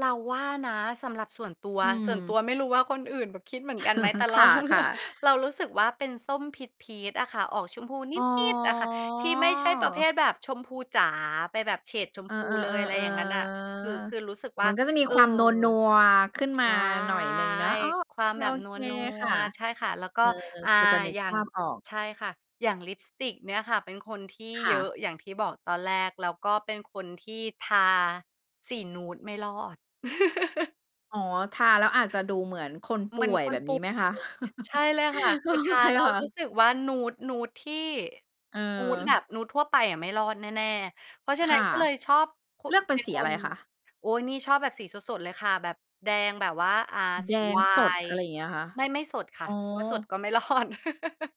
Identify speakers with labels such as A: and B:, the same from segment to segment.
A: เราว่านะ สำหรับส่วนตัว
B: อื
A: ส่วนต
B: ม
A: ัวไม่รู้ว่าคนอื่นแบบคิดเหมือนกันไหม? แต่เ
B: ค
A: รา
B: ่ะ ๆ
A: เรารู้สึกว่าเป็นส้มพีช ๆ อะค่ะ ออกชมพูน
B: อ๋อ
A: ิด ๆ อะค่ะ ที่ไม่ใช่ประเภทแบบชมพูจ๋า ไปแบบเฉดชม
B: เออ
A: พูเลย อ
B: ๆ
A: ะไ
B: ๆ
A: ร
B: เออ
A: อย่างงั้นอะ คือ คือรู้สึกว่า
B: มันก็จะมี
A: เออ
B: ความนัว ๆ ขึ้น
A: ใช
B: มา
A: ่
B: หน่อยหนึ่งเนาะ อ้อ โอ
A: ควา
B: เค
A: มแบ
B: โอ
A: บน
B: เค
A: ั
B: ค่
A: ว
B: ะ
A: ๆ ใช่ค่ะ แล้วก
B: เ
A: ็
B: ออ
A: อา
B: พอจะนึก
A: อย่า
B: ภ
A: ง
B: าพออก
A: ใช่ค่ะ อย่างลิปสติกเนี่ยค่ะ เป็นคนที่
B: ค
A: เ
B: ่
A: ยอ
B: ะ
A: ะ อย่างที่บอกตอนแรก แล้วก็เป็นคนที่ทาสีนูดไม่รอด
B: อ๋อ ทาแล้วอาจจะดูเหมือนคนป
A: เหม
B: ่
A: ือน
B: วย
A: ค
B: แบ
A: น
B: บ
A: ป
B: น
A: ่
B: ี้
A: ว
B: ไหม
A: ย
B: คะ?
A: ใช่เลยค่ะ
B: โ
A: ค
B: อ
A: ือทา
B: เค
A: แล้ว
B: ค่ะ
A: รู้สึกว่า นูด ๆ ที่
B: เ
A: นูดแบ
B: ออ
A: บนูดทั่วไปอะ ไม่รอดแน่ ๆ เพราะฉะ
B: ค
A: นั้
B: ่
A: น
B: ะ
A: ก็เลยชอบคุ
B: เลือกเป็
A: เ
B: น
A: ป็น
B: สี
A: ค
B: อะไร
A: น
B: คะ?
A: โอ๊ย นี่ชอบแบบสีสด ๆ เลยค่ะ แบบแดงแบบว่า อา
B: แด
A: สีไ
B: ง
A: ว
B: สด
A: น
B: อ
A: ์
B: ะไรอย่างเงี้ยเหรอคะ?
A: ไม่ ไม่สดค
B: อ
A: ่ะ
B: ๋
A: เพราสด
B: อ
A: ก็ไม่รอด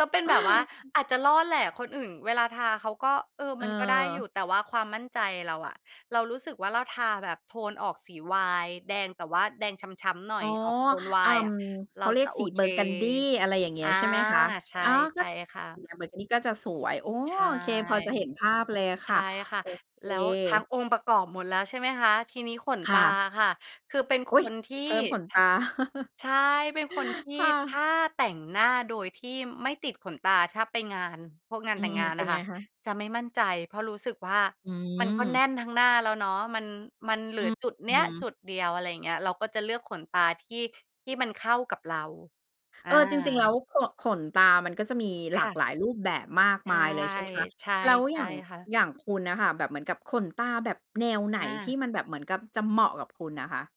A: ก็เป็นแบบว่า อาจจะรอดแหละ คนอื่นเวลาทาเขาก็ เออ
B: เ
A: มันก็ได้อ
B: ออ
A: ยู่ แต่ว่าความมั่นใจเราอะ เรารู้สึกว่าเราทาแบบโทนออกสีไวน์แดง แต่ว่าแดงช้ำ ๆ หน่อ
B: อ๋
A: ย
B: อ
A: ออกโทนไว
B: เออ
A: น์อะ เ
B: เ
A: ร
B: ข
A: า
B: าเรี
A: จ
B: ยก
A: ะโอ
B: สี
A: เค
B: Burgundy อะไรอย่างเงี
A: อ
B: ้ย
A: า
B: ใช่ไหมคะ?
A: ใช่
B: อ๋อ
A: ใ
B: ก
A: ช
B: ็
A: ่ค่ะ
B: เนี่ย Burgundy ก็จะสวย โอ้
A: ใช่
B: โอเค พอจะเห็นภาพเลยอะ
A: ใช
B: ค่
A: ่
B: ะ
A: ค่ะ
B: โอเค
A: แล้วทั้งองค์ประกอบหมดแล้ว ใช่ไหมคะ ทีนี้ขน
B: ค
A: ต
B: ่
A: า
B: ะ
A: ค่ะ คือเป็น
B: อ
A: ค
B: ุ๊ย
A: นที่
B: เพิ่มขนตา
A: ใช่ เป็นคนที่
B: ค่
A: ถ
B: ะ
A: ้าแต่งหน้าโดยที่ไม่ติดขนตา ถ้าไปงาน พวกงาน
B: อื
A: แต่งง
B: อ
A: าน
B: ๆ เป็
A: อ
B: น
A: ะ
B: ไ
A: ค
B: ง
A: ่ะ
B: คะ?
A: จะไม่มั่นใจ เพราะรู้สึกว่า
B: อื
A: มันก็แน
B: ม
A: ่นทั้งหน้าแล้วเนาะ มัน มันเหลื
B: อื
A: อ
B: ้อ
A: จุดเ
B: ฮ
A: นี้ย
B: ือ
A: จุดเดียว อะไรอย่างเงี้ย เราก็จะเลือกขนตาที่ ที่มันเข้ากับเรา อ
B: เออ จริง ๆ แล้
A: า
B: ว ข ขนตามันก็จะมีห
A: ค
B: ลา
A: ่
B: ก
A: ะ
B: หลายรูปแบบมาก
A: ใช
B: มา
A: ่
B: ยเลย ใช่ไหมคะ
A: ๆ ใ
B: แล้ว
A: ช
B: อย่
A: ่
B: าง
A: ค่ะ
B: อย่างคุณน่ะค่ะ แบบเหมือนกับขนตาแบบแนวไหน
A: อ
B: ที่
A: า
B: มันแบบเหมือนกับจะเหมาะกับคุณอะคะ?